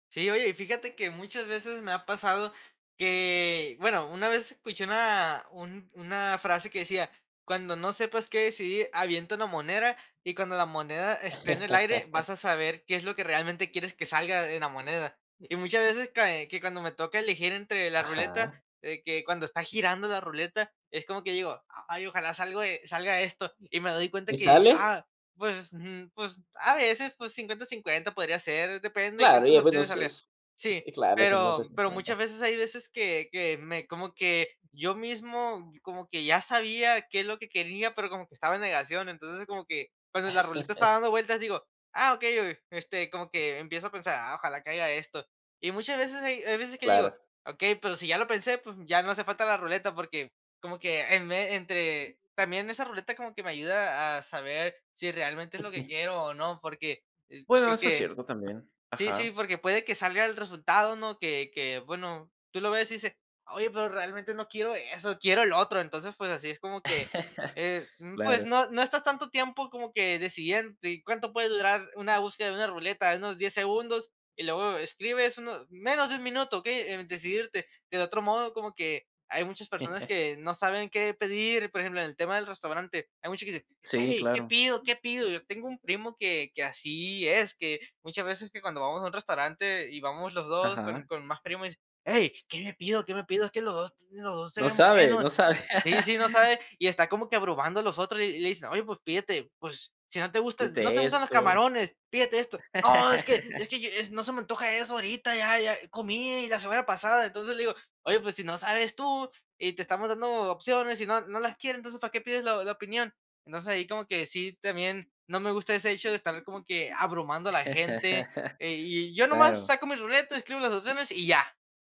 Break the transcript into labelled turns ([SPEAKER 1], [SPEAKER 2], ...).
[SPEAKER 1] Sí, oye, y fíjate que muchas veces me ha pasado que bueno, una vez escuché una, un una frase que decía: "Cuando no sepas qué decidir, avienta una moneda, y cuando la moneda esté en el aire, vas a saber qué es lo que realmente quieres que salga en la moneda". Y muchas veces que cuando me toca elegir entre la ruleta,
[SPEAKER 2] Ajá.
[SPEAKER 1] eh, que cuando está girando la ruleta, es como que digo: "Ay, ojalá salga o e salga esto", y me doy cuenta
[SPEAKER 2] ¿Y
[SPEAKER 1] que,
[SPEAKER 2] sale?
[SPEAKER 1] ah, pues, mm, pues a veces, pues, 50, 50 podría ser, depende de
[SPEAKER 2] Claro, y
[SPEAKER 1] cuántas
[SPEAKER 2] ya bueno,
[SPEAKER 1] opciones
[SPEAKER 2] eso
[SPEAKER 1] salga.
[SPEAKER 2] es
[SPEAKER 1] Sí,
[SPEAKER 2] eh, claro, cincuenta,
[SPEAKER 1] pero pero, muchas
[SPEAKER 2] cincuenta.
[SPEAKER 1] veces hay veces, que que me como que, yo mismo, como que ya sabía, qué es lo que quería, pero, como que estaba en negación. Entonces, como que, cuando la ruleta estaba dando vueltas, digo: "Ah, okey, o este, como que empiezo a pensar, ah, ojalá caiga esto". Y muchas veces, hay veces que digo:
[SPEAKER 2] Claro.
[SPEAKER 1] "Okey, pero, si ya lo pensé", pues, ya no hace falta la ruleta porque, como que em, entre también esa ruleta como que me ayuda a saber si realmente es lo que quiero o no, porque, eh,
[SPEAKER 2] Bueno, eso es
[SPEAKER 1] porque
[SPEAKER 2] cierto, también,
[SPEAKER 1] Sí, sí,
[SPEAKER 2] ajá.
[SPEAKER 1] porque puede que salga el resultado, ¿no? Que que, bueno, tú lo ves y dices: "Oye, pero, realmente no quiero eso, quiero el otro". Entonces, pues así es como que es, mm, pues
[SPEAKER 2] Claro.
[SPEAKER 1] no no estás tanto tiempo, como que decidiéndote, ¿cuánto puede durar una búsqueda de una ruleta? Unos 10 segundos, y luego escribes 1, menos de 1 minuto, okey, en decidirte. Del otro modo, como que hay muchas personas, que no saben qué pedir, por ejemplo, en el tema del restaurante, hay mucha que dice:
[SPEAKER 2] Sí,
[SPEAKER 1] "¡Hey! ¿Qué
[SPEAKER 2] claro.
[SPEAKER 1] pido? ¿Qué pido?". Yo tengo un primo, que que así es, que muchas veces, que cuando vamos a un restaurante y vamos los 2, con
[SPEAKER 2] Ajá.
[SPEAKER 1] con más primos, y dice: "Hey, ¿qué me pido? ¿Qué me pido? Es que los 2, los 2 se
[SPEAKER 2] No
[SPEAKER 1] ven
[SPEAKER 2] sabe,
[SPEAKER 1] buenos".
[SPEAKER 2] no sabe.
[SPEAKER 1] Sí, sí, no sabe, y está como que, abrumando a los otros, y y le dicen: "Oye, pues pídete, pues, si, no te gustan no te
[SPEAKER 2] Pídete
[SPEAKER 1] gustan los
[SPEAKER 2] esto.
[SPEAKER 1] camarones, pídete esto". "No, es que es que, no, se me antoja eso ahorita, ya ya comí, la semana pasada". Entonces le digo: "Oye, pues, si no sabes tú, y te estamos dando opciones, y no no las quieres, ¿entonces para qué pides la la opinión?". Entonces, ahí como que, sí también, no me gusta ese hecho, de estar como que abrumando a la gente, eh, y yo nomás
[SPEAKER 2] Claro.
[SPEAKER 1] saco mi ruleta, escribo las opciones y ya.